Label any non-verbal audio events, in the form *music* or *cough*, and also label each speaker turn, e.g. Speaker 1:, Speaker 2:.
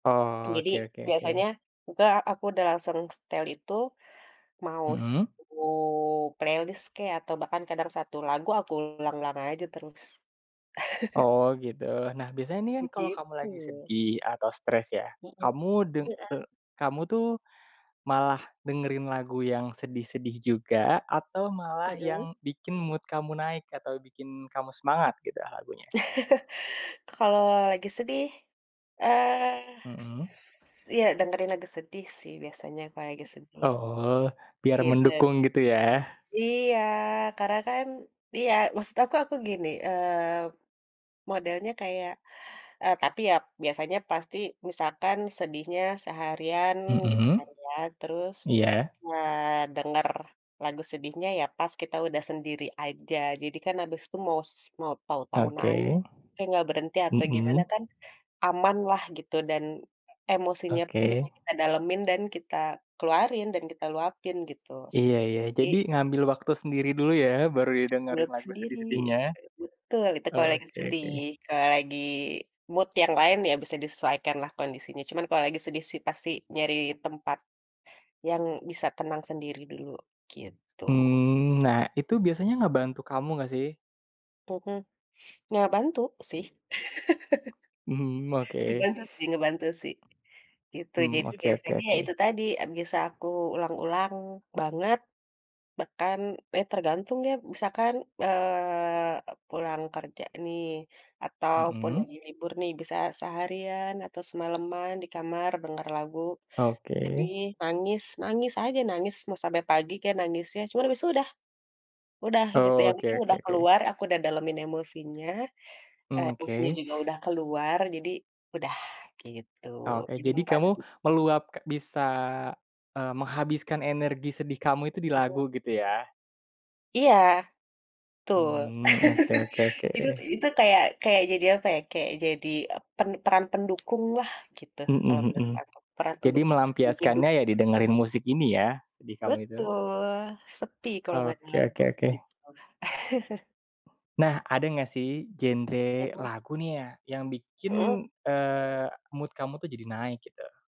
Speaker 1: Oh, oke
Speaker 2: Jadi,
Speaker 1: oke oke.
Speaker 2: biasanya, uka aku udah sering setel itu, maus
Speaker 1: Mhm.
Speaker 2: mau playlist kek, atau bahkan kadang satu lagu aku ulang-ulang aja terus. *chuckles*
Speaker 1: Oh gitu, nah biasanya ini kan kalo kamu
Speaker 2: Begitu.
Speaker 1: lagi sedih atau stress ya,
Speaker 2: Mhm,
Speaker 1: kamu deng
Speaker 2: heeh.
Speaker 1: eee, kamu tuh malah dengerin lagu yang sedih-sedih juga atau malah
Speaker 2: Mhm.
Speaker 1: yang bikin mood kamu naik atau bikin kamu semangat gitu lagunya?
Speaker 2: Kalau lagi sedih, eee, s
Speaker 1: Mhm.
Speaker 2: ya dengerin lagu sedih sih biasanya kalau lagi sedih,
Speaker 1: Oh, biar
Speaker 2: gitu.
Speaker 1: mendukung gitu ya.
Speaker 2: Iya, karena kan iya maksud aku aku gini, eee, modelnya kayak eee, tapi ya biasanya pasti misalkan sedihnya seharian gitu
Speaker 1: Mhm,
Speaker 2: kan ya, terus
Speaker 1: iya.
Speaker 2: ngedenger lagu sedihnya ya pas kita udah sendiri aja, jadi kan abis itu maus mau tahu-tahu nangis,
Speaker 1: Oke,
Speaker 2: tapi gak berhenti atau
Speaker 1: mhm.
Speaker 2: gimana kan aman lah gitu, dan emosinya pun bisa
Speaker 1: Oke.
Speaker 2: kita dalemin dan kita keluarin dan kita luapin gitu.
Speaker 1: Iya iya,
Speaker 2: Jadi
Speaker 1: jadi ngambil waktu sendiri dulu ya, baru
Speaker 2: Ngambil
Speaker 1: didengerin
Speaker 2: waktu
Speaker 1: lagu
Speaker 2: sendiri.
Speaker 1: sedih-sedihnya.
Speaker 2: Betul, itu
Speaker 1: Oh,
Speaker 2: kalau lagi
Speaker 1: oke oke.
Speaker 2: sedih, kalau lagi mood yang lain ya bisa disesuaikan lah kondisinya. Cuman, kalau lagi sedih sih pasti nyari tempat yang bisa tenang sendiri dulu, gitu.
Speaker 1: Mmm, nah itu biasanya ngebantu kamu gak sih?
Speaker 2: Mhm, ngebantu sih.
Speaker 1: Mmm,
Speaker 2: *laughs*
Speaker 1: oke.
Speaker 2: Ngebantu sih ngebantu sih, gitu.
Speaker 1: Mmm,
Speaker 2: Jadi
Speaker 1: oke oke
Speaker 2: biasanya ya
Speaker 1: oke.
Speaker 2: itu tadi bisa aku ulang-ulang banget, bahkan ya tergantung ya misalkan, eee, pulang kerja nih, ataupun
Speaker 1: Mhm.
Speaker 2: lagi libur nih bisa seharian atau semaleman, di kamar, denger lagu,
Speaker 1: Oke.
Speaker 2: sedih, nangis, nangis aja nangis, mau sampai pagi kek nangisnya cuman habis itu udah, udah gitu ya
Speaker 1: Oke
Speaker 2: mungkin
Speaker 1: oke
Speaker 2: udah
Speaker 1: oke.
Speaker 2: keluar, aku udah dalemin emosinya,
Speaker 1: Mmm,
Speaker 2: emosinya
Speaker 1: oke.
Speaker 2: juga udah keluar jadi udah, gitu.
Speaker 1: Oke, jadi kamu
Speaker 2: *unintelligible*
Speaker 1: meluap bisa eee, menghabiskan energi sedih kamu itu di
Speaker 2: Betul.
Speaker 1: lagu gitu ya?
Speaker 2: Iya, betul.
Speaker 1: Mmm, oke oke
Speaker 2: Itu
Speaker 1: oke.
Speaker 2: itu kayak kayak jadi apa ya kayak jadi pen peran pendukung lah gitu, kalo
Speaker 1: Mhm,
Speaker 2: menurut
Speaker 1: mhm.
Speaker 2: aku. Peran
Speaker 1: Jadi
Speaker 2: pendukung seumur hidup.
Speaker 1: melampiaskannya ya didengerin musik ini ya, sedih kamu itu?
Speaker 2: Betul, sepi kalau nggak ada
Speaker 1: Oke oke
Speaker 2: lagu, kek
Speaker 1: oke.
Speaker 2: gitu. *chuckles*
Speaker 1: Nah, ada gak sih genre
Speaker 2: Mhm.
Speaker 1: lagu nih ya, yang bikin,
Speaker 2: Mhm.
Speaker 1: eee, mood kamu tuh jadi naik gitu?